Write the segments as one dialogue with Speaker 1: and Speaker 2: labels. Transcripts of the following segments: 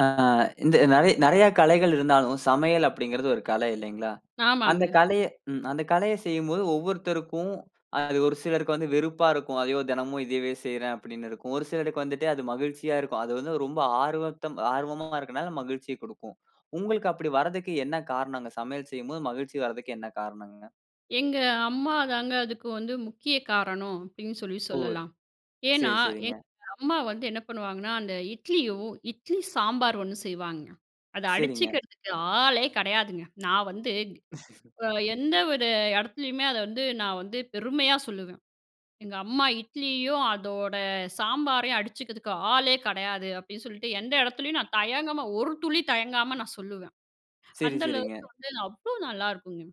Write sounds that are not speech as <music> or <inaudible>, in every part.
Speaker 1: ஆ இந்த நெறையா நெறையா கலைகள் இருந்தாலும், சமையல் அப்பிடிங்கிறது ஒரு கலை இல்லேங்களா! அந்த
Speaker 2: ஆமாங்க.
Speaker 1: கலைய ம் அந்த கலைய செய்யும்போது ஒவ்வொருத்தருக்கும் அ அது ஒரு சிலருக்கு வந்து வெறுப்பா இருக்கும். "ஐயோ, தினமும் இதயவே செய்றேன்!", அப்பிடின்னு இருக்கும். ஒரு சிலருக்கு வந்துட்டு அது மகிழ்ச்சியா இருக்கும். அது வந்து ரொம்ப ஆர்வத்த ஆர்வமா இருக்கனால, மகிழ்ச்சிய கொடுக்கும். உங்களுக்கு அப்பிடி வர்றதுக்கு என்ன காரணங்க, சமையல் செய்யும்போது மகிழ்ச்சி வர்றதுக்கு என்ன காரணங்க?
Speaker 2: எங்க அம்மா தாங்க, அதுக்கு வந்து முக்கிய காரணம், அப்பிடின்னு சொல்லி
Speaker 1: ஓ.
Speaker 2: சொல்லலாம். ஏன்னா,
Speaker 1: சரி, சரிங்க.
Speaker 2: எங்க அம்மா வந்து என்ன பண்ணுவாங்கன்னா, அந்த இட்லியும், இட்லி சாம்பார் ஒண்ணு செய்வாங்க. அத
Speaker 1: சரிங்க.
Speaker 2: அடிச்சுக்கிறதுக்கு ஆளே கிடையாதுங்க. நான் வந்து அ எந்த ஒரு இடத்துலயுமே, அத வந்து நான் வந்து பெருமையா சொல்லுவேன். "எங்க அம்மா இட்லியும், அதோட சாம்பாரையும் அடிச்சுக்கிறதுக்கு ஆளே கிடையாது" அப்பிடின்னு சொல்ட்டு, எந்த இடத்துலேயும் நான் தயங்காம, ஒரு துளி தயங்காம நான் சொல்லுவேன்.
Speaker 1: சரி,
Speaker 2: அந்த அளவுக்கு
Speaker 1: சரிங்க.
Speaker 2: வந்து அவ்ளோ நல்லாயிருக்குங்க.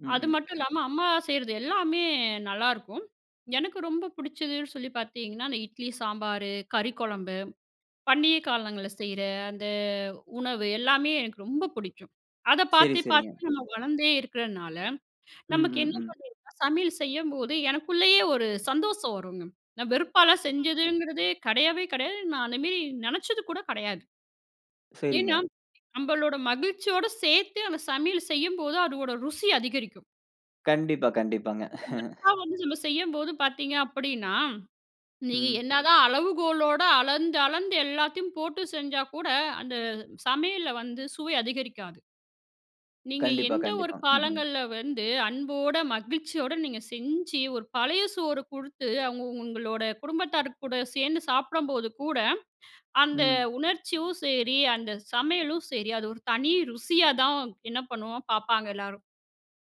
Speaker 1: ம்,
Speaker 2: அது
Speaker 1: ம்.
Speaker 2: மட்டும் இல்லாம அம்மா செய்றது எல்லாமே நல்லாருக்கும். எனக்கு ரொம்ப பிடிச்சதுன்னு சொல்லி பார்த்தீங்கன்னா, அந்த இட்லி, சாம்பாரு, கறி குழம்பு, பண்டிகை காலங்கள்ல செய்ற அந்த உணவு, எல்லாமே எனக்கு ரொம்ப பிடிக்கும். அத
Speaker 1: சரி,
Speaker 2: பார்த்து
Speaker 1: சரிங்க.
Speaker 2: பார்த்து நம்ம வளர்ந்தே இருக்குறனால,
Speaker 1: ம்,
Speaker 2: நமக்கு என்ன
Speaker 1: ம், ம்.
Speaker 2: பண்றதுனா சமையல் செய்யும்போது எனக்குள்ளேயே ஒரு சந்தோஷம் வருங்க. நான் வெறுப்பாலாம் செஞ்சதுங்கிறதே கிடையவே கிடையாது. நான் அந்தமேரி நினச்சது கூட கிடையாது.
Speaker 1: சரிங்க.
Speaker 2: ஏன்னா நம்பளோட மகிழ்ச்சியோடு சேர்த்தே அந்த சமையல செய்யும்போது அதோட ருசி அதிகரிக்கும்.
Speaker 1: கண்டிப்பா, கண்டிப்பாங்க.
Speaker 2: வெறுப்பா
Speaker 1: <chuckles>
Speaker 2: வந்து நம்ம செய்யும்போது பார்த்தீங்க அப்டின்னா, நீ
Speaker 1: ம்.
Speaker 2: என்னதான் அளவுகோலோடு அளந்து அளந்து எல்லாத்தையும் போட்டு செஞ்சா கூட, அந்த சமையல்ல வந்து சுவை அதிகரிக்காது. நீங்க
Speaker 1: கண்டிப்பா,
Speaker 2: எந்த ஒரு
Speaker 1: கண்டிப்பாங்க. ம்ஹ்ம்.
Speaker 2: காலங்கள்ல வந்து, அன்போட, மகிழ்ச்சியோட, நீங்க செஞ்சு ஒரு பழைய சோறு கொடுத்து, அவங்க உங்களோட குடும்பத்தார் கூட, சேர்ந்து சாப்படம்போது கூட ,அந்த
Speaker 1: ம்.
Speaker 2: உணர்ச்சியும் சரி, அந்த சமையலும் சரி, அது ஒரு தனி ருசியா தான் என்ன பண்ணுவோம் பார்ப்பாங்க எல்லாரும்.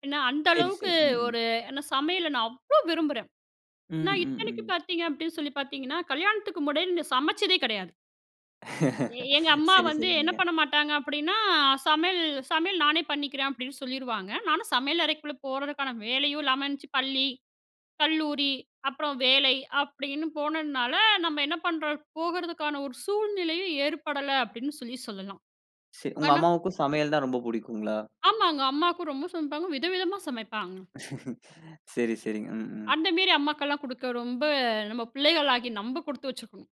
Speaker 2: ஏன்னா அந்த
Speaker 1: சரி,
Speaker 2: அளவுக்கு
Speaker 1: சரி. ம், ம்.
Speaker 2: ஒரு ஏன்னா சமையல நான் அவ்ளோ விரும்புறேன்.
Speaker 1: ம்,
Speaker 2: நான்
Speaker 1: ம்,
Speaker 2: இத்தனைக்கும்
Speaker 1: ம்.
Speaker 2: பார்த்தீங்க அப்படின்னு சொல்லி பார்த்திங்கன்னா, கல்யாணத்துக்கு முன்னாடி சமச்சதே கெடையாது. எங்க
Speaker 1: <laughs>
Speaker 2: அம்மா
Speaker 1: சரி,
Speaker 2: வந்து என்ன
Speaker 1: சரிங்கங்க.
Speaker 2: பண்ண மாட்டாங்க அப்படின்னா, சமையல் சமையல் நானே பண்ணிக்கிறேன் அப்படின்னு சொல்லிருவாங்க. நானும் சமையல் அறைக்குள்ள போறதுக்கான வேலையும் இல்லாம இருந்துச்சு. பள்ளி, கல்லூரி, அப்புறம் வேலை அப்படின்னு போனதுனால, நம்ம என்ன பண்றோம் போகறதுக்கான ஒரு சூழ்நிலையும் ஏற்படல அப்படின்னு சொல்லி சொல்லலாம்.
Speaker 1: சரி. உங்க
Speaker 2: ஆனா
Speaker 1: அம்மாவுக்கும் சமையல் தான் ரொம்ப பிடிக்குங்ளா?
Speaker 2: ஆமாங்க. அம்மாக்கு ரொம்ப சமைப்பாங்க விதவிதமா சமைப்பாங்க.
Speaker 1: <laughs> சரி, சரி. ம், ம்.
Speaker 2: அந்த மேரி அம்மாக்கெல்லாம் குடுக்க, ரொம்ப நம்ம பிள்ளைகளாகிய நம்ப கொடுத்து வச்சிருக்கணும்.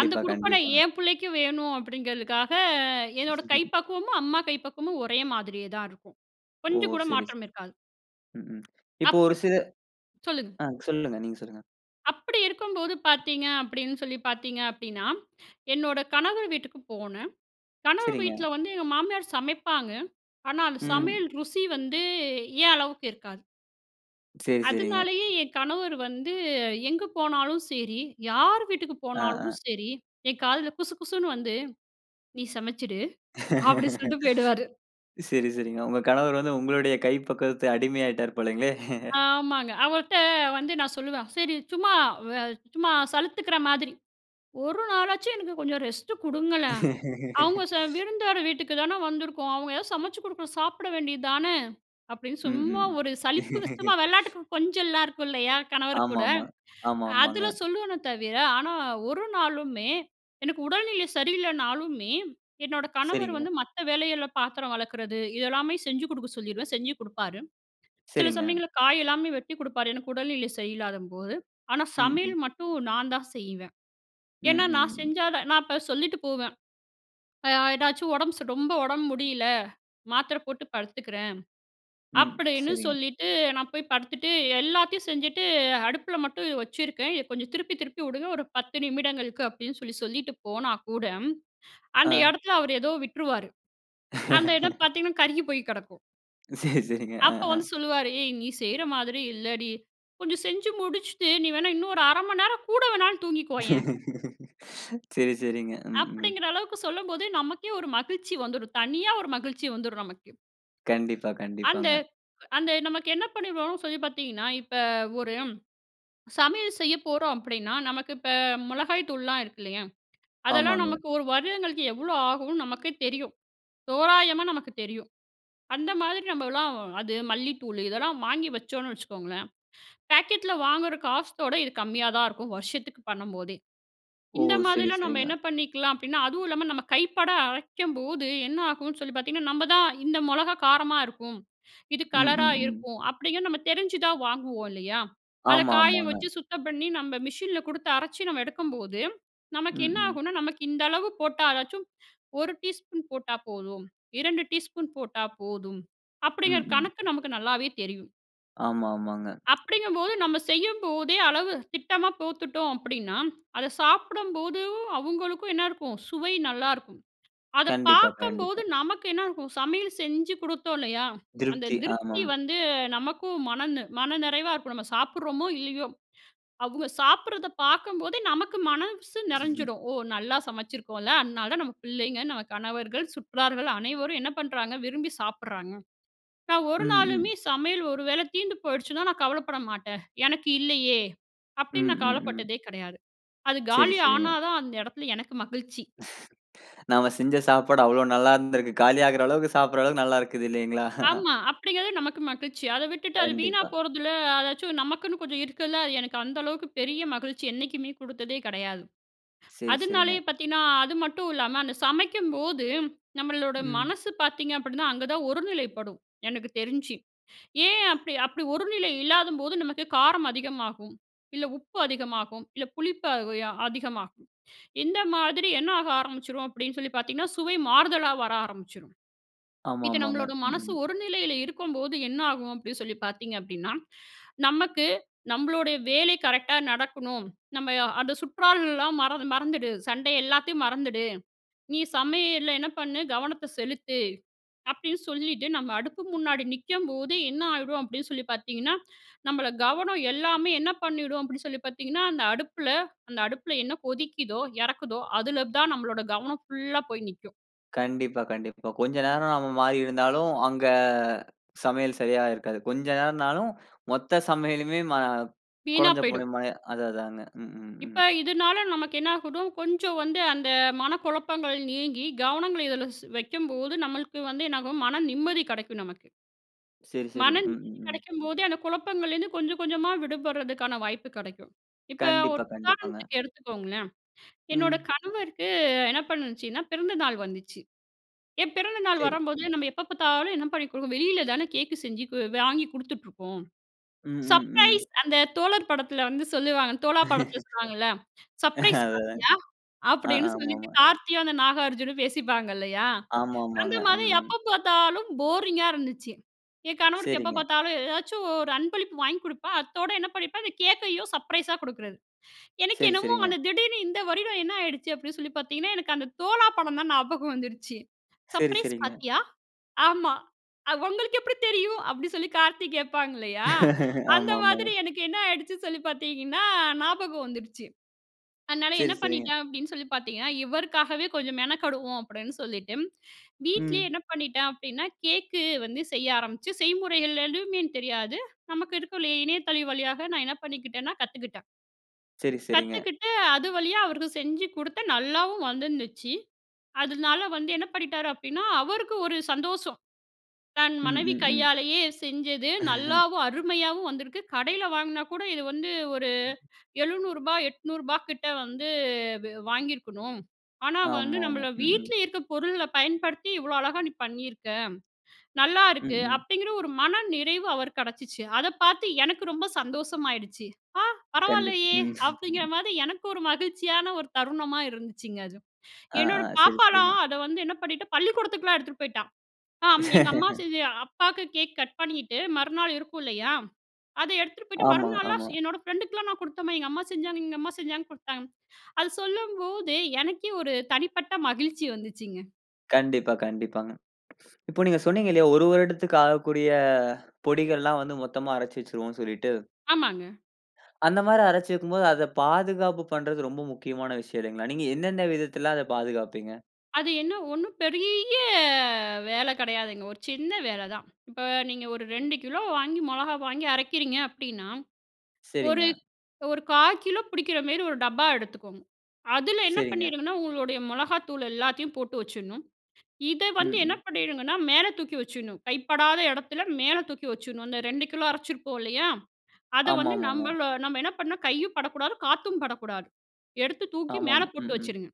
Speaker 2: அந்த குடுப்பனை
Speaker 1: கண்டிப்பாங்க.
Speaker 2: என் பிள்ளைக்கு வேணும் அப்படிங்கிறதுக்காக, என்னோட கை
Speaker 1: <chuckles>
Speaker 2: பக்குவமும் அம்மா கை பக்குவமும் ஒரே மாதிரியே தான் இருக்கும்.
Speaker 1: ஓ!
Speaker 2: கொஞ்சம் கூட
Speaker 1: சரி ,சரி.
Speaker 2: மாற்றம் இருக்காது.
Speaker 1: ம், ம். இப்போ ஒரு
Speaker 2: அப்படி
Speaker 1: சில
Speaker 2: சொல்லுங்க.
Speaker 1: ஆ சொல்லுங்க. நீங்க சொல்லுங்க.
Speaker 2: அப்படி இருக்கும்போது பார்த்தீங்க அப்படின்னு சொல்லி பார்த்தீங்க அப்படின்னா, என்னோட கணவர் வீட்டுக்கு போனேன். கணவர்
Speaker 1: சரிங்க.
Speaker 2: வீட்டில வந்து எங்க மாமியார் சமைப்பாங்க. ஆனா, அந்த
Speaker 1: ம்.
Speaker 2: சமையல் ருசி வந்து ஏன் அளவுக்கு இருக்காது.
Speaker 1: சரி, சரிங்க.
Speaker 2: அதனாலேயே "என் கணவர் வந்து எங்கு போனாலும் சரி, யார் வீட்டுக்கு
Speaker 1: ஆ, ஆ.
Speaker 2: போனாலும் சரி என் காதில குசுகுசுன்னு வந்து நீ சமச்சுடு அப்படின்னு
Speaker 1: <laughs>
Speaker 2: சொல்லிட்டு போய்டுவாரு."
Speaker 1: சரி, சரிங்க. உங்க கணவர் வந்து உங்களுடைய கை பக்குவத்தில அடிமை ஆயிட்டார் போலங்களே. <chuckles>
Speaker 2: ஆமாங்க. அவர்ட்ட வந்து நான் சொல்லுவேன். சரி சும்மா வே சும்மா சலுத்துக்கிற மாதிரி, ஒரு நாளாச்சும் எனக்கு கொஞ்சம் ரெஸ்ட்டு கொடுங்களேன். அவங்க செ
Speaker 1: <laughs>
Speaker 2: விருந்தோர் வீட்டுக்கு தானே வந்துருக்கோம். அவங்க எதாவது சமைச்சு கொடுக்கணும் சாப்பிட வேண்டியது தானே. அப்படின்னு சும்மா
Speaker 1: ம்ஹ்ம்.
Speaker 2: ஒரு சலிப்பு சும்மா
Speaker 1: <laughs>
Speaker 2: வெள்ளாட்டுக்கு கொஞ்சலாம் இருக்கும் இல்லையா கணவர் கூட,
Speaker 1: ஆமாமா,
Speaker 2: அதில
Speaker 1: ஆமாமாங்க.
Speaker 2: சொல்லுவேனே, தவிர ஆனா ஒரு நாளுமே எனக்கு உடல்நிலை சரியில்லைனாலுமே, என்னோட கணவர்
Speaker 1: சரிங்க.
Speaker 2: வந்து மத்த வேலைகள்ல பாத்திரம் வெளக்கறது இதெல்லமே செஞ்சு கொடுக்க சொல்லிருவேன். செஞ்சு கொடுப்பாரு. சில
Speaker 1: சரிங்க.
Speaker 2: சமயங்கள்ல காய் எல்லாமே வெட்டி கொடுப்பாரு. எனக்கு உடல்நிலை சரியில்லாத போது ஆனா
Speaker 1: ம். ம்.
Speaker 2: சமையல் மட்டும் நான் தான் செய்வேன். ஏன்னா, நான்
Speaker 1: ம்ஹ்ம்.
Speaker 2: செஞ்சா தான் நான் இப்போ சொல்லிட்டு போவேன். அ ஏதாச்சும் உடம்பு ரொம்ப உடம்பு முடியல, மாத்திரை போட்டு படுத்துக்கிறேன்,
Speaker 1: ம்,
Speaker 2: அப்படின்னு
Speaker 1: சரிங்க.
Speaker 2: சொல்லிட்டு நான் போய் படுத்துட்டு எல்லாத்தையும் செஞ்சுட்டு அடுப்பில மட்டும் வச்சுருக்கேன். இதை கொஞ்சம் திருப்பி திருப்பி விடுங்க ஒரு 10 நிமிடங்களுக்கு அப்படின்னு சொல்லி சொல்லிட்டு போனா கூட, அந்த
Speaker 1: ஆ.
Speaker 2: இடத்தில அவர் ஏதோ விட்டுருவாரு. அந்த இடம்
Speaker 1: <laughs>
Speaker 2: பார்த்தீங்கன்னா கருகி போய் கெடக்கும்.
Speaker 1: சரி, சரிங்க. ஆ,
Speaker 2: அப்போ
Speaker 1: ஆ.
Speaker 2: வந்து சொல்லுவாரு, "ஏய்! நீ செய்ற மாதிரி இல்லடி. கொஞ்சம் செஞ்சு முடிச்சிட்டு நீ வேணா இன்னும் ஒரு 1/2 மணி நேரம் கூட வேணாலும் தூங்கிக்கோயேன்"
Speaker 1: <laughs> சரி, சரிங்க. ம், ம்.
Speaker 2: அப்பிடிங்கிற அளவுக்கு சொல்லும்போது நமக்கே ஒரு மகிழ்ச்சி வந்துரும். தனியா ஒரு மகிழ்ச்சி வந்துரும் நமக்கு.
Speaker 1: கண்டிப்பா,
Speaker 2: அந்த
Speaker 1: கண்டிப்பாங்க.
Speaker 2: அந்த நமக்கு என்ன பண்ணிருவோன்னு சொல்லி பார்த்தீங்கன்னா, இப்ப ஒரு சமையல் செய்ய போறோம் அப்பிடின்னா, நமக்கு இப்ப மொளகாய்த்தூள்லாம் இருக்கு இல்லயா? அதெல்லாம்
Speaker 1: ஆமாங்க.
Speaker 2: நமக்கு 1 வருடங்களுக்கு எவ்ளோ ஆகுன்னு நமக்கே தெரியும். தோராயமா நமக்கு தெரியும். அந்த மாதிரி நம்மலாம் அது மல்லித்தூள் இதெல்லாம் வாங்கி வச்சோன்னு வச்சுக்கோங்களேன், பேக்கெட்ல வாங்குற காசோட இது கம்மியா தான் இருக்கும். வருஷத்துக்கு பண்ணம்போதே.
Speaker 1: ஓ!
Speaker 2: இந்த
Speaker 1: சரி,
Speaker 2: மாதிரிலாம் நம்ம
Speaker 1: சரிங்க.
Speaker 2: என்ன பண்ணிக்கலாம் அப்பிடின்னா, அதுவும் இல்லாம நம்ம கைப்பட அரைக்கும்போது, என்ன ஆகுன்னு சொல்லி பார்த்தீங்கன்னா, "நம்ம தான் இந்த மொளகா காரமா இருக்கும். இது
Speaker 1: ம்,
Speaker 2: கலரா
Speaker 1: ம், ம்.
Speaker 2: இருக்கும்" அப்பிடிங்க நம்ம தெரிஞ்சு தான் வாங்குவோம் இல்லயா? அத
Speaker 1: ஆமா,
Speaker 2: காய
Speaker 1: ஆமாங்க.
Speaker 2: வச்சு சுத்தம் பண்ணி, நம்ம மிஷின்ல குடுத்து அரச்சு நம்ம எடுக்கம்போது,
Speaker 1: ம்.
Speaker 2: நமக்கு என்ன
Speaker 1: ம்.
Speaker 2: ஆகுன்னா, "நமக்கு இந்த அளவு போட்டா அதாச்சும் 1 டீஸ்பூன் போட்டா போதும். 2 டீஸ்பூன் போட்டா போதும்."
Speaker 1: ம்,
Speaker 2: அப்பிடிங்கிற
Speaker 1: ம்.
Speaker 2: கணக்கு நமக்கு நல்லாவே தெரியும்.
Speaker 1: ஆமா ஆமாங்க.
Speaker 2: அப்படிங்கும்போது, நம்ம செய்யும்போதே, அளவு திட்டமா போட்டுட்டோம் அப்படின்னா, அத சாப்பிடம்போதும், அவுங்களுக்கும் என்னாருக்கும்? சுவை நல்லாருக்கும். அத
Speaker 1: கண்டிப்பா
Speaker 2: பாக்கம்போது
Speaker 1: கண்டிப்பா.
Speaker 2: நமக்கு என்னா ஆகும்? சமையல் செஞ்சு குடுத்தோம் இல்லையா? அந்த
Speaker 1: திருப்தி.
Speaker 2: திருப்தி
Speaker 1: ஆமாம்.
Speaker 2: வந்து நமக்கும் மன நி மன நெறைவா இருக்கும். நம்ம சாப்பிடுறோமோ இல்லையோ, அவுங்க சாப்பிடுறத பாக்கம்போதே நமக்கு மனஸ்சு
Speaker 1: <chuckles>
Speaker 2: நெறஞ்சிடும், "ஓ நல்லா சமைச்சிருக்கோம்ல, அதனாலதான் நம்ம பிள்ளைங்க, நம்ம கணவர்கள், சுற்றார்கள் அனைவரும் என்ன பண்றாங்க? விரும்பி சாப்பிடுறாங்க," நான் ஒரு
Speaker 1: ம் ம்.
Speaker 2: நாளுமே சமையல் ஒரு வேள தீந்து போய்டுச்சுனா, நான் கவலைப்பட மாட்டேன். "எனக்கு இல்லையே?" அப்டினு
Speaker 1: ம்
Speaker 2: நான்
Speaker 1: ம் ம்.
Speaker 2: கவலைப்பட்டதே கிடையாது. அது
Speaker 1: சரி
Speaker 2: காலி
Speaker 1: சரிங்க.
Speaker 2: ஆனாதான், அந்த எடத்தில எனக்கு மகிழ்ச்சி.
Speaker 1: <laughs> நாம செஞ்ச சாப்பாடு அவ்வளவு நல்லா இருந்திருக்கு. காலியாகுற அளவுக்கு சாப்பிடுற அளவுக்கு நல்லாருக்குது இல்லைங்களா? <chuckles>
Speaker 2: ஆமா, அப்படிங்கிறது நமக்கு மகிழ்ச்சி. அத விட்டுட்டு அது வீணா
Speaker 1: கண்டிப்பா.
Speaker 2: போறதில அதாச்சும் நமக்குன்னு கொஞ்சம் இருக்கதுல அது எனக்கு அந்த அளவுக்கு பெரிய மகிழ்ச்சி என்னைக்குமே குடுத்ததே கெடையாது,
Speaker 1: சரி
Speaker 2: அதுனாலேயே
Speaker 1: சரிங்க.
Speaker 2: பாத்தீங்கன்னா அது மட்டும் இல்லாம அந்த சமைக்கும்போது, நம்மளோட
Speaker 1: ம்.
Speaker 2: மனசு பாத்தீங்க அப்படின்னா, அங்க தான் ஒரு நிலைப்படும். எனக்கு தெரிஞ்சு. ஏன் அப்டி அப்டி ஒரு நிலை இல்லாதம்போது நமக்கு, காரம் அதிகமாகும், இல்ல உப்பு அதிகமாகும், இல்ல புளிப்பு உ ய அதிகமாகும். இந்த மாதிரி என்ன ஆக ஆரம்பிச்சுரும் அப்படின்னு சொல்லி பாத்தீங்கன்னா, சுவை மாறுதலா வர ஆரம்பிச்சுரும்.
Speaker 1: ஆமா
Speaker 2: இது
Speaker 1: ஆமாங்க.
Speaker 2: நம்மளோட
Speaker 1: ம்
Speaker 2: மனசு
Speaker 1: ம்.
Speaker 2: ஒரு நிலையில இருக்கும்போது என்ன ஆகும், அப்படி சொல்லி பாத்தீங்க அப்டின்னா! நமக்கு, நம்பளுடைய வேலை கரெக்ட்டா நடக்கணும், நம்ம அந்த "சுற்றாலலாம் மறந்து மறந்துடு, சண்டை எல்லாத்தையும் மறந்துடு, நீ சமையல்ல என்ன பண்ணு? கவனத்த செலுத்து" அப்டின்னு சொல்லிட்டு, நம்ம அடுப்பு முன்னாடி நிக்கம்போது என்ன ஆயிடும் அப்படின்னு சொல்லி பாத்தீங்கன்னா, நம்பள கவனம் எல்லாமே என்ன பண்ணிடும்? அப்டின்னு சொல்லி பாத்தீங்கன்னா, அந்த அடுப்பில அந்த அடுப்பில என்ன கொதிக்கிதோ, எறக்குதோ அதுல தான் நம்பளோட கவனம் ஃபுல்லா போய் நிக்கும்.
Speaker 1: கண்டிப்பா. கண்டிப்பா. கொஞ்ச நேரம் நம்ப மாறி இருந்தாலும், அங்க சமையல் சரியா இருக்காது. கொஞ்ச நேரம்னாலும் மொத்த சமையலுமே மா
Speaker 2: வீணா
Speaker 1: கொழஞ்சு போன
Speaker 2: போயிடும்.
Speaker 1: மாரி. அது அதாங்க. ம், ம்,
Speaker 2: இப்போ,
Speaker 1: ம்.
Speaker 2: இதுனால நமக்கு என்ன ஆகிடும். கொஞ்சம் வந்து அந்த மனக்குழப்பங்கள் நீங்கி, கவனங்கள்ல இதுல வைக்கும்போது, நம்பளுக்கு வந்து என்னாகும்? மன நிம்மதி கிடைக்கும், நமக்கு.
Speaker 1: சரி, சரி.
Speaker 2: மன
Speaker 1: ம், ம்,
Speaker 2: நிம்மதி
Speaker 1: ம்.
Speaker 2: கிடைக்கும்போதே, அந்த குழப்பங்கள்லேருந்து கொஞ்சம், கொஞ்சமா விடுபடுறதுக்கான வாய்ப்பு கிடைக்கும். இப்ப ஒரு
Speaker 1: கண்டிப்பா, கண்டிப்பாங்க.
Speaker 2: உதாரணத்துக்கு எடுத்துக்கோங்களேன். என்னோட
Speaker 1: ம்.
Speaker 2: கணவருக்கு என்ன பண்ணுச்சுன்னா? பிறந்த நாள் வந்துச்சு, ஏன் பிறந்த நாள்
Speaker 1: சரி.
Speaker 2: வரும்போது, நம்ப எப்ப பாத்தாலும், என்ன பண்ணி குடுக்கோம். வெளில தானே கேக்கு செஞ்சு கு வாங்கி குடுத்துட்டுருக்கோம்.
Speaker 1: ம், ம், ம்.
Speaker 2: "சர்ப்ரைஸ்" அந்த தோழர் படத்துல வந்து சொல்லுவாங்கல. தோழா படத்துல
Speaker 1: <laughs>
Speaker 2: சொல்லுவாங்கள்ல, "சர்ப்ரைஸ்
Speaker 1: அதேதாங்க.
Speaker 2: பார்ட்டியா?"
Speaker 1: ஆ
Speaker 2: அப்டீன்னு சொல்லிட்டு,
Speaker 1: ஆமாமா.
Speaker 2: கார்த்தியும், அந்த நாகார்ஜுனும் பேசிப்பாங்க இல்லயா. அந்த
Speaker 1: ஆமாமாங்க. ம்,
Speaker 2: மாதிரி,
Speaker 1: ம்.
Speaker 2: எப்ப பாத்தாலும் போரிங்கா இருந்துச்சு. என் கணவருக்கு எப்ப
Speaker 1: சரிங்க.
Speaker 2: பாத்தாலும், ஏதாச்சும் ஒரு அன்பளிப்பு வாங்கிக் குடுப்பேன். அத்தோடு என்ன பண்ணிப்பேன்? அந்த கேக்கையும் சர்ப்ரைஸா குடுக்குறது. எனக்கு
Speaker 1: சரி
Speaker 2: என்னமோ,
Speaker 1: ,சரிங்க.
Speaker 2: அந்த திடீர்னு இந்த வருடம் என்ன ஆகிடுச்சு அப்டீன்னு சொல்லி பாத்தீங்கன்னா, எனக்கு அந்த தோழா படம் தான் ஞாபகம் வந்துடுச்சு.
Speaker 1: சரி,
Speaker 2: "சர்ப்ரைஸ்
Speaker 1: சரிங்க.
Speaker 2: பார்ட்டியா?" "ஆமா, உங்களுக்கு எப்படி தெரியும்?" அப்டீன்னு சொல்லி, கார்த்தி கேட்பாங்க இல்லயா?
Speaker 1: <laughs>
Speaker 2: அந்த
Speaker 1: ஆமாமா.
Speaker 2: மாதிரி எனக்கு என்ன ஆயிடுச்சுன்னு சொல்லி பாத்தீங்கன்னா, ஞாபகம் வந்துடுச்சு. அதுனால
Speaker 1: சரி,
Speaker 2: என்ன
Speaker 1: சரிங்க.
Speaker 2: பண்ணிட்டேனு சொல்லி பாத்தீங்கணா, இவருக்காகவே கொஞ்சம் மெனக்கடுவோம் அப்டீன்னு, சொல்லிட்டு வீட்லயே
Speaker 1: ம்.
Speaker 2: என்ன பண்ணிட்டேன் அப்டீன்னா, கேக்கு வந்து செய்ய ஆரமிச்சி, செய்முறைகள் ஏதுமே தெரியாது. நமக்கு இருக்குல்ல. இணையத்தளம் வழியாக, நான் என்ன பண்ணிக்கிட்டேன்னா? கத்துக்கிட்டேன்.
Speaker 1: சரி, சரிங்க.
Speaker 2: கத்துக்குட்டு, அது வழியா அவருக்கு செஞ்சு குடுத்தேன், நல்லாவும் வந்துருந்துச்சு. அதுனால வந்து என்ன பண்ணிட்டார் அப்டீன்னா, அவருக்கு ஒரு சந்தோஷம். தன்
Speaker 1: ம்,
Speaker 2: மனைவி
Speaker 1: ம், ம்.
Speaker 2: கையாலேயே செஞ்சது.
Speaker 1: <chuckles>
Speaker 2: நல்லாவும், அருமையாவும் வந்திருக்கு. கடையில வாங்குன கூட, இது வந்து ஒரு ரூ. 700 ரூ.800 கிட்ட வந்து, வ-வாங்கியிருக்கணும். ஆனா, வந்து
Speaker 1: ஆமாமா.
Speaker 2: நம்மள
Speaker 1: ம், ம்.
Speaker 2: வீட்ல இருக்க பொருள்ள பயன்படுத்தி, இவ்வளோ அழகா நீ பண்ணியிருக்க,
Speaker 1: ம்,
Speaker 2: நல்லாருக்கு.
Speaker 1: ம்.
Speaker 2: அப்டிங்கிற ஒரு மனநிறைவு அவருக்கு கடைச்சுச்சு. அத பார்த்து எனக்கு ரொம்ப சந்தோஷமாகிடுச்சு. "ஆ,
Speaker 1: கண்டிப்.
Speaker 2: பரவாயில்லையே!"
Speaker 1: <chuckles> ம்.
Speaker 2: அப்டிங்கிற மாதி எனக்கு ஒரு மகிழ்ச்சியான ஒரு தருணமா இருந்துச்சுங்க, அது.
Speaker 1: ஆ, ஆ.
Speaker 2: என்னோட
Speaker 1: சரி, சரிங்க.
Speaker 2: பாப்பாலாம், அத வந்து என்ன பண்ணிட்டு, பள்ளிக்கூடத்துக்குலாம் எடுத்துட்டு போய்ட்டா. "ஆம். எங்க அம்மா
Speaker 1: <laughs>
Speaker 2: செஞ்ச அப்பாக்கு கேக் கட் பண்ணிட்டு, மறுநாள் இருக்குல்லையா? அத எடுத்துட்டு போய்ட்டு,
Speaker 1: ஆமாங்க,
Speaker 2: மறுநாள்லாம் ஸ்
Speaker 1: ஆமா.
Speaker 2: என்னோட ஃப்ரெண்டுக்கலாம் நான் குடுத்தேன்ம்மா. எங்க அம்மா செஞ்சாங்க எங்க அம்மா செஞ்சாங்க, குடுத்தாங்க." அது சொல்லும்போதே, எனக்கே ஒரு தனிப்பட்ட மகிழ்ச்சி வந்துச்சுங்க.
Speaker 1: கண்டிப்பா, கண்டிப்பாங்க. இப்ப, நீங்க சொன்னீங்கலயா, 1 வருடத்திற்கு ஆகக்கூடிய பொடிகள்லா வந்து, மொத்தமா அரைச்சு வச்சுருவோன்னு சொல்லிட்டு
Speaker 2: ஆமாங்க.
Speaker 1: அந்த மாரி, அரைச்சு வக்கும் போது, அத பாதுகாப்பு பண்றது, ரொம்ப முக்கியமான விஷயம் இல்லங்கிளா? நீங்க என்னன விதத்தில, அத பாதுகாப்பீங்க?
Speaker 2: அது என்ன ஒண்ணும் பெரிய வேல கிடையாதுங்க. ஒரு சின்ன வேல தான். இப்ப, நீங்க ஒரு 2 கிலோ வாங்கி மொளகா வாங்கி அறைக்கிறீங்க அப்டின்னா, ஒரு
Speaker 1: சரிங்க.
Speaker 2: ஒரு 1/4 பிடிக்கிற மேரி ஒரு டப்பா எடுத்துக்கோங்க. அதுல என்ன
Speaker 1: சரிங்க.
Speaker 2: பண்ணீடுங்கணா, உங்களுடைய மிளகாத்தூள எல்லாத்தையும் போட்டு வச்சுடணும். இத
Speaker 1: ம்,
Speaker 2: வந்து என்ன
Speaker 1: ம்.
Speaker 2: பண்ணீடுங்கன்னா, மேல தூக்கி வச்சுடணும். கைப்படாத இடத்துல, மேல தூக்கி வச்சுடணும். அந்த 2 கிலோ அரைச்சிருப்போம்ல்லையா? அத
Speaker 1: ஆமா,
Speaker 2: வந்து
Speaker 1: ஆமாங்க.
Speaker 2: நம்பளோ நம்ப என்ன பண்ணணும் கையும் படக்கூடாது, காத்தும் படக்கூடாது. எடுத்து தூக்கி
Speaker 1: ஆமாமா.
Speaker 2: மேல
Speaker 1: ம்,
Speaker 2: போட்டு
Speaker 1: ம்.
Speaker 2: வச்சிடுங்க.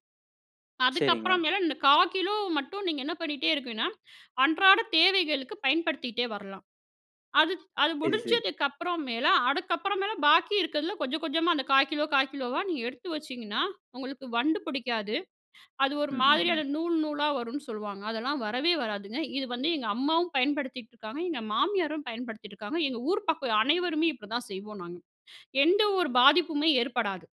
Speaker 1: சரிங்க.
Speaker 2: அதுக்கப்புறம் மேல இந்த 1/4 கிலோகிராம் மட்டும், நீங்க என்ன பண்ணிகிட்டே இருக்கீங்கன்னா, அன்றாட தேவைகளுக்கு பயன்படுத்திட்டே வரலாம். அது அது
Speaker 1: சரி, சரி.
Speaker 2: முடிஞ்சதுக்கப்புற மேல, அதுக்கப்புறம் மேல, பாக்கி இருக்கிறதுல கொஞ்சம், கொஞ்சமா அந்த 1/4 கிலோகிராம், 1/4 கிலோகிராம் ஆ நீங்க எடுத்து வச்சிங்கன்னா, உங்களுக்கு வண்டு புடிக்காது. அது ஒரு
Speaker 1: ம், ம், ம்.
Speaker 2: மாதிரியான நூல் நூலா வரும்னு சொல்லுவாங்க. அதெல்லாம் வரவே வராதுங்க, இது வந்து, எங்க அம்மாவும் பயன்படுத்திகிட்டுருக்காங்க, எங்க மாமியாரும் பயன்படுத்திகிட்டுருக்காங்க, எங்க ஊர் பக்கம் அனைவருமே இப்படிதான் செய்வோம் நாங்க. எந்த ஒரு பாதிப்புமே ஏற்படாது.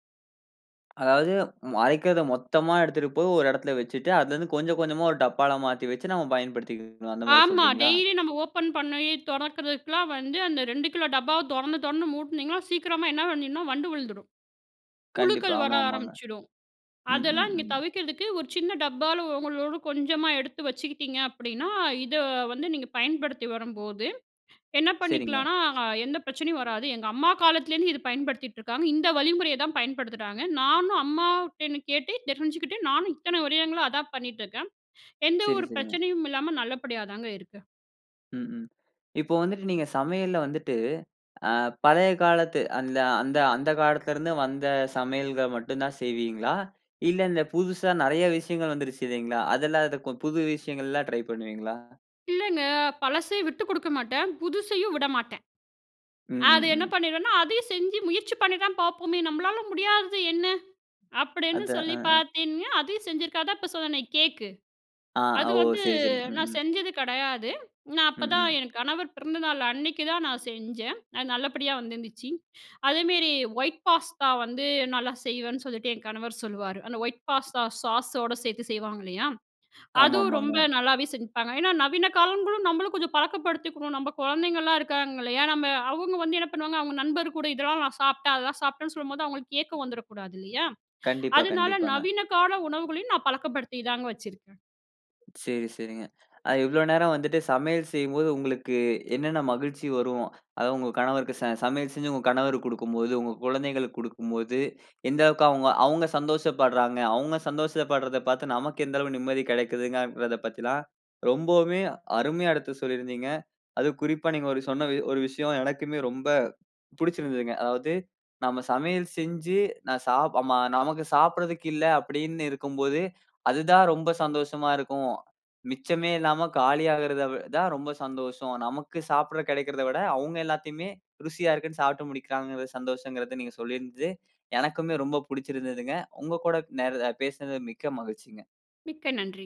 Speaker 1: அதாவது, ம் அரைக்கறத மொத்தமா எடுத்துட்டுபோய், ஒரு இடத்துல வச்சுட்டு, அதுல இருந்து கொஞ்சம், கொஞ்சமா ஒரு டப்பால மாத்தி வச்சு, நம்ம பயன்படுத்திக்கணும். அந்த மாரி
Speaker 2: ஆமா.
Speaker 1: சொல்றீங்களா?
Speaker 2: டெய்லி நம்ப ஓப்பன் பண்ணி தொறக்கறதுக்குலாம் வந்து, அந்த 2 கிலோகிராம் டப்பாவ தொறந்து, தொறந்து மூட்டுனீங்கன்னா, சீக்கிரமா என்ன பண்ணிடும்னா வண்டு வுழுந்துடும்.
Speaker 1: கண்டிப்பா.
Speaker 2: புழுக்கள் வர
Speaker 1: ஆமாமாங்க.
Speaker 2: ஆரம்பிச்சிடும்
Speaker 1: ம், ம்,
Speaker 2: அதெல்லாம் நீங்க
Speaker 1: ம்.
Speaker 2: தவிக்குறதுக்கு, ஒரு சின்ன டப்பால, ஒங்களோட கொஞ்சமா எடுத்து வச்சுக்கிட்டீங்க அப்டின்னா, இத வந்து நீங்க பயன்படுத்தி வரும்போது என்ன
Speaker 1: சரிங்க.
Speaker 2: பண்ணிக்கலானா, எந்த பிரச்சனையும் வராது. எங்க அம்மா காலத்திலேருந்து இத பயன்படுத்திட்டு இருக்காங்க. இந்த வழிமுறைய தான் பயன்படுத்துறாங்க. நானும் அம்மாட்டருந்து கேட்டு தெரிஞ்சுகிட்டு நானும் இத்தன வருடங்களா அதான் பண்ணிகிட்டுருக்கேன். எந்த
Speaker 1: சரி,
Speaker 2: ஒரு
Speaker 1: சரிங்க.
Speaker 2: பிரச்சனையும் இல்லாம, நல்லபடியா தாங்க இருக்கு.
Speaker 1: ம், ம். இப்போ வந்துட்டு, நீங்க சமையல்ல வந்துட்டு, ஆ பழைய காலத்து அந்த அந்த அந்த காலத்திலருந்து வந்த சமையல்கள் மட்டும் தான் செய்வீங்களா? இல்ல, இந்த புதுசா நெறைய விஷயங்கள் வந்துருச்சு இல்லீங்களா? அதெல்லாம் இருக்கும் புது விஷயங்கள்லா ட்ரை பண்ணுவீங்களா?
Speaker 2: இல்லங்க. பழசை விட்டு கொடுக்க மாட்டேன், புதுசையும் விடமாட்டேன்.
Speaker 1: ம்,
Speaker 2: அது
Speaker 1: ம்,
Speaker 2: என்ன
Speaker 1: ம்.
Speaker 2: பண்ணிடுவேன்னா, "அதையும் செஞ்சு முயற்சி பண்ணி தான் பார்ப்போமே. நம்மளால முடியாதது என்ன?" அப்டீன்னு
Speaker 1: அத அ.
Speaker 2: சொல்லி
Speaker 1: அ.
Speaker 2: பாத்தீங்கன்னா அதையும் செஞ்சிருக்கா. அதான் இப்போ சொன்னன்ன, "கேக்கு".
Speaker 1: ஆ.
Speaker 2: அது
Speaker 1: ஓ!
Speaker 2: வந்து
Speaker 1: சரி, சரி. ம்,
Speaker 2: நான்
Speaker 1: ம்.
Speaker 2: செஞ்சது கடையாது. நான்
Speaker 1: ம்,
Speaker 2: அப்பதான்,
Speaker 1: ம்.
Speaker 2: என் கணவர் பிறந்த நாள் அன்னைக்கு தான் நான் செஞ்சேன். அது நல்லபடியா வந்துருந்துச்சு. அதேமேரி, ஒயிட் பாஸ்தா வந்து நல்லா செய்வேன்னு சொல்லிட்டு என் கணவர் சொல்வாரு. அந்த ஒயிட் பாஸ்தா சாஸோட சேர்த்து செய்வாங்க இல்லையா? அதுவும் ரொம்ப
Speaker 1: ஆமாமாங்க.
Speaker 2: நல்லாவே செஞ்சுப்பங்க. ஏனா, நவீன காலங்களும், நம்மளும் கொஞ்சம் பழக்கப்படுத்திக்கினும். நம்ப குழந்தைகள்லா இருக்காங்கல்லயா? நம்ம அவுங்க வந்து என்ன பண்ணுவாங்க? அவுங்க நண்பர் கூட, இதெல்லாம் நான் சாப்பட்டேன், அதெல்லாம் சாப்பட்டேன்னு சொல்லும்போது, அவுங்களுக்கு ஏக்கம் வந்துடக்கூடாது இல்லையா?
Speaker 1: கண்டிப்பா,
Speaker 2: அதுனால,
Speaker 1: கண்டிப்பாங்க.
Speaker 2: நவீன கால உணவுகளையும் நான் பழக்கப்படுத்தி தாங்க வச்சுருக்கே.
Speaker 1: சேரி, சேரிங்க. அ, இவ்வளோ நேரம் வந்துட்டு சமையல் செய்யும்போது உங்களுக்கு என்னென்ன மகிழ்ச்சி வரும்? அதாவது உங்க கணவருக்கு ச சமையல் செஞ்சு, உங்க கணவருக்கு குடுக்கும்போது, உங்க குழந்தைகளுக்கு குடுக்கும்போது, எந்த அளவுக்கு அவுங்க அவுங்க சந்தோஷப்பட்றாங்க? அவுங்க சந்தோசப்பட்றத பாத்து, நமக்கு எந்த அளவு நிம்மதி கிடைக்குங்கிறதா பத்திலா, ரொம்பவுமே அருமையா எடுத்து சொல்லிருந்தீங்க. அதுவும் குறிப்பா நீங்க ஒரு சொன்ன ஒரு விஷயம், எனக்குமே ரொம்ப புடுச்சுருந்ததுங்க. அதாவது நம்ம சமையல் செஞ்சு, நான் சாப் ஆமா. நமக்கு சாப்பிட்றதுக்கு இல்ல, அப்டின்னு இருக்கும்போது அதுதான் ரொம்ப சந்தோஷமா இருக்கும். மிச்சமே இல்லாம காலியாகறது வி தான் ரொம்ப சந்தோஷம். நமக்கு சாப்பட கிடைக்கிறத விட, அவுங்க எல்லாத்தையுமே ருசியா இருக்குனு சாப்பட்டு முடிக்குறாங்கறது சந்தோஷங்கறதா, நீங்க சொல்லியிருந்து, எனக்குமே ரொம்ப புடுச்சுருந்ததுங்க. உங்க கூட, நே பேசினது மிக்க மகிழ்ச்சிங்க.
Speaker 2: மிக்க நன்றி.